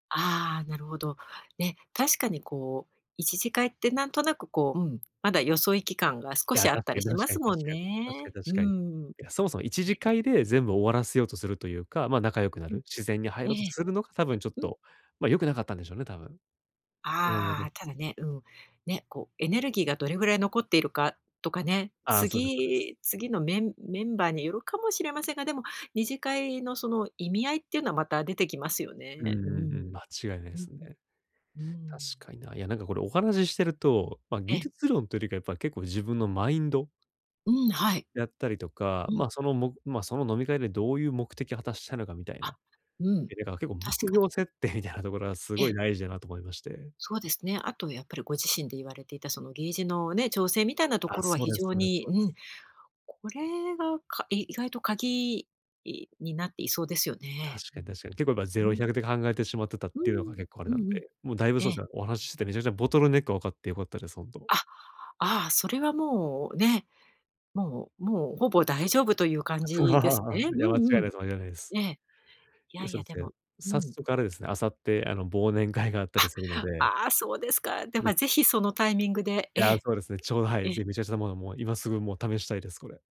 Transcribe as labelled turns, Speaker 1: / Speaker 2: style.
Speaker 1: ああ、なるほど。ね、確かにこう、一次会ってなんとなくこう、うん、まだよそいき感が、少
Speaker 2: いや、
Speaker 1: しあ
Speaker 2: だっ
Speaker 1: った
Speaker 2: て、
Speaker 1: りし
Speaker 2: 確
Speaker 1: ま
Speaker 2: かに
Speaker 1: すも
Speaker 2: 確
Speaker 1: ん
Speaker 2: かに。確
Speaker 1: ね。
Speaker 2: かに
Speaker 1: う
Speaker 2: 確かに。い
Speaker 1: ん。
Speaker 2: や、そもそも一次
Speaker 1: ね。
Speaker 2: 会で、全部終わらせようとするというか、ま、仲良くな
Speaker 1: う
Speaker 2: る、
Speaker 1: ん。
Speaker 2: 自然に入
Speaker 1: え
Speaker 2: ろうと
Speaker 1: え。
Speaker 2: するのが多分ちょっ
Speaker 1: うん。
Speaker 2: と、ま、良くなかったんでしょうね、多分。それ
Speaker 1: あ
Speaker 2: で
Speaker 1: あ。ただね、うん、ね、こうエネルギーが、どれぐらい残っているかとかね。
Speaker 2: ああ、そうですそうです。
Speaker 1: 次次のメンメンバーによるかもしれませんが、でも二次会のその意味合いっていうのは、また出てきますよ
Speaker 2: うんう
Speaker 1: ね。うん。
Speaker 2: んうん、間違いない
Speaker 1: う
Speaker 2: で
Speaker 1: ん
Speaker 2: すね。
Speaker 1: うん。うー
Speaker 2: 確
Speaker 1: ん。
Speaker 2: かにな、いやなんかこれ、お話ししてると、ま、
Speaker 1: え
Speaker 2: 技
Speaker 1: え。
Speaker 2: 術論というよりか、やっぱ結構自分のマインド
Speaker 1: うん、はい。
Speaker 2: やったりとか、
Speaker 1: うん。
Speaker 2: ま、そのもま、その飲み会で、どういう目的を果たしたいのかみたい
Speaker 1: あ、
Speaker 2: な。
Speaker 1: うん。
Speaker 2: いやだから結構、ぶ
Speaker 1: 確
Speaker 2: くひ
Speaker 1: か
Speaker 2: ょう
Speaker 1: に。
Speaker 2: 設定みたいなところは、す
Speaker 1: え
Speaker 2: ご
Speaker 1: え。
Speaker 2: い大事だなと思いまして。
Speaker 1: そうですね。あとやっぱり、ご自身で言われていた、そのゲージのね、調整みたいなと
Speaker 2: あ、
Speaker 1: ころは、
Speaker 2: そう
Speaker 1: 非
Speaker 2: です
Speaker 1: 常
Speaker 2: そうです
Speaker 1: に、
Speaker 2: そう
Speaker 1: う
Speaker 2: です。
Speaker 1: ん、これがか意外と鍵になっていそうですよ
Speaker 2: 確
Speaker 1: ね。う
Speaker 2: かに
Speaker 1: ん。
Speaker 2: 確かに。結構やっぱぜ
Speaker 1: う
Speaker 2: ろ
Speaker 1: ん。
Speaker 2: ひゃくで考えてしまってたっ
Speaker 1: う
Speaker 2: ていうのが、
Speaker 1: ん、
Speaker 2: 結構あれ
Speaker 1: う
Speaker 2: なんで。
Speaker 1: んうん。
Speaker 2: もうだいぶ
Speaker 1: え
Speaker 2: そう
Speaker 1: え。
Speaker 2: すね、お話しして、めちゃくちゃボトルネックが分かってよかったです、ほんと。
Speaker 1: あ、ああ、それはもうね、もうもう、ほぼ大丈夫という感 じですね。
Speaker 2: いや、
Speaker 1: う
Speaker 2: 間違
Speaker 1: んう
Speaker 2: いない
Speaker 1: ん。
Speaker 2: です間違いないです。
Speaker 1: ええ、い
Speaker 2: い
Speaker 1: や
Speaker 2: や、
Speaker 1: い
Speaker 2: そう
Speaker 1: や、
Speaker 2: で
Speaker 1: で
Speaker 2: すね。
Speaker 1: もう
Speaker 2: 早
Speaker 1: ん。
Speaker 2: 速あれですね、明後日、あの、忘年会があったり
Speaker 1: あ、
Speaker 2: するので。
Speaker 1: ああ、そうですか。で
Speaker 2: ぶっ
Speaker 1: はぜ
Speaker 2: ち
Speaker 1: ひそのタイミングで、
Speaker 2: い
Speaker 1: え
Speaker 2: や、
Speaker 1: え。
Speaker 2: そうですね。ちょうど、はい、
Speaker 1: ええ。
Speaker 2: ぜひ、めちゃめちゃなもの、もう今すぐもう試したいです、これ。